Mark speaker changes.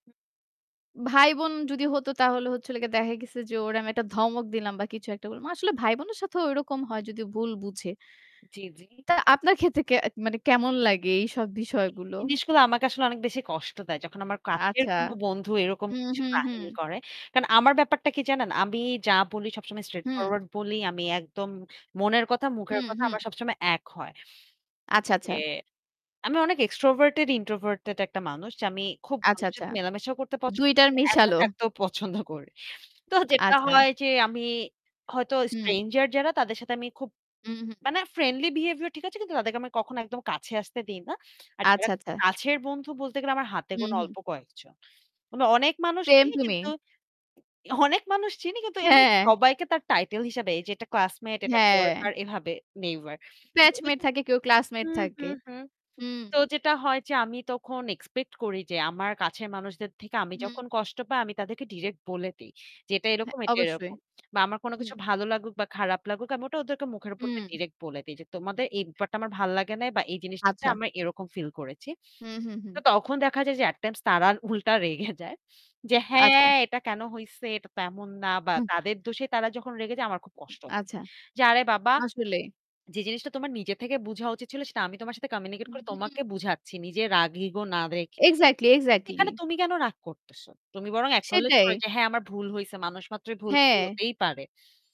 Speaker 1: ভাই বোন যদি হতো তাহলে হচ্ছে হলো গিয়া দেখা গেছে যে ওরে আমি একটা ধমক দিলাম বা কিছু একটা বললাম। আসলে ভাই বোনের সাথেও ঐরকম হয় যদি ভুল বুঝে।
Speaker 2: জি, জি।
Speaker 1: তা আপনার ক্ষেত্রে কে মানে কেমন লাগে এইসব
Speaker 2: এই
Speaker 1: বিষয়গুলো?
Speaker 2: জিনিসগুলো আমাকে আসলে অনেক বেশি কষ্ট দেয়। যখন আমার কাছের
Speaker 1: আচ্ছা।
Speaker 2: কোন বন্ধু এরকম
Speaker 1: হু,
Speaker 2: কিছু
Speaker 1: হু, হু।
Speaker 2: কাহিনী করে। কারণ আমার ব্যাপারটা কি জানেন? আমি যা বলি সবসময় straight
Speaker 1: হু।
Speaker 2: forward বলি। আমি একদম মনের কথা, মুখের
Speaker 1: হুম,
Speaker 2: কথা
Speaker 1: হুম।
Speaker 2: আমার সবসময় এক হয়।
Speaker 1: আচ্ছা,
Speaker 2: ইয়ে
Speaker 1: আচ্ছা।
Speaker 2: আমি অনেক extorverted-introverted একটা মানুষ যে আমি খুব
Speaker 1: আচ্ছা,
Speaker 2: মানুষের
Speaker 1: আচ্ছা।
Speaker 2: সাথে মেলামেশা করতে পছন্দ
Speaker 1: ২
Speaker 2: করি।
Speaker 1: টার
Speaker 2: আমি একা
Speaker 1: মেশালো।
Speaker 2: থাকতেও পছন্দ করি। তো যেটা
Speaker 1: আচ্ছা।
Speaker 2: হয় যে আমি হয়তো
Speaker 1: হুম।
Speaker 2: stranger যারা তাদের সাথে আমি খুব
Speaker 1: হুম, হুম।
Speaker 2: মানে friendly behaviour ঠিক আছে কিন্তু তাদেরকে আমি কখনো একদম কাছে আসতে দিই না। আর যারা
Speaker 1: আচ্ছা, আচ্ছা।
Speaker 2: কাছের বন্ধু বলতে গেলে আমার হাতে
Speaker 1: হুম,
Speaker 2: গুণা
Speaker 1: হুম।
Speaker 2: অল্প কয়েকজন। মানে অনেক মানুষ
Speaker 1: Same
Speaker 2: চিনি
Speaker 1: to
Speaker 2: কিন্তু
Speaker 1: me।
Speaker 2: অনেক মানুষ চিনি কিন্তু এমনি
Speaker 1: হ্যাঁ।
Speaker 2: সবাইকে তার title হিসেবে যে এটা classmate, এটা
Speaker 1: হ্যাঁ।
Speaker 2: coworker এভাবে neighbour উ
Speaker 1: Batchmate
Speaker 2: [unintelligible]
Speaker 1: থাকে কেউ classmate
Speaker 2: হুম,
Speaker 1: থাকে।
Speaker 2: হুম, হুম।
Speaker 1: হু।
Speaker 2: তো যেটা হয় যে আমি তখন expect করি যে আমার কাছের মানুষদের থেকে আমি
Speaker 1: হুম
Speaker 2: যখন কষ্ট পাই আমি তাদেরকে direct বলে দেই। যে এটা এরকম,
Speaker 1: হ্যাঁ,
Speaker 2: এটা
Speaker 1: অবশ্যই।
Speaker 2: এরকম। বা আমার কোন
Speaker 1: হুম।
Speaker 2: কিছু ভালো লাগুক বা খারাপ লাগুক আমি ওটা ওদের মুখের উপর দিয়ে
Speaker 1: হুম।
Speaker 2: direct বলে দেই যে, "তোমাদের এই ব্যাপারটা আমার ভাল লাগে না বা এই জিনিসটাতে
Speaker 1: আচ্ছা।
Speaker 2: আমরা এরকম ফিল করেছি।"
Speaker 1: হুম, হুম, হুম।
Speaker 2: তো তখন দেখা যায় যে at times তারা উল্টা রেগে যায়। যে,
Speaker 1: আচ্ছা।
Speaker 2: "হ্যাঁ এটা কেন হইছে এটা তো এমন না" বা
Speaker 1: হু।
Speaker 2: তাদের দোষে তারা যখন রেগে যায় আমার খুব কষ্ট হয়।
Speaker 1: আচ্ছা।
Speaker 2: যে আরে বাবা
Speaker 1: আসলে।
Speaker 2: যে জিনিসটা তোমার নিজের থেকে বুঝা উচিত ছিল সেটা আমি তোমার সাথে
Speaker 1: হু,
Speaker 2: communicate করে
Speaker 1: হুম।
Speaker 2: তোমাকে বুঝাচ্ছি। নিজের রাগ ego না দেখে।
Speaker 1: Exactly, exactly.
Speaker 2: এখানে তুমি কেন রাগ করতেসো? তুমি বরং acknowledge করো
Speaker 1: সেটাই।
Speaker 2: যে, "হ্যাঁ আমার ভুল হইছে।" মানুষ মাত্রই ভুল ভুল
Speaker 1: হ্যাঁ।
Speaker 2: হতেই পারে।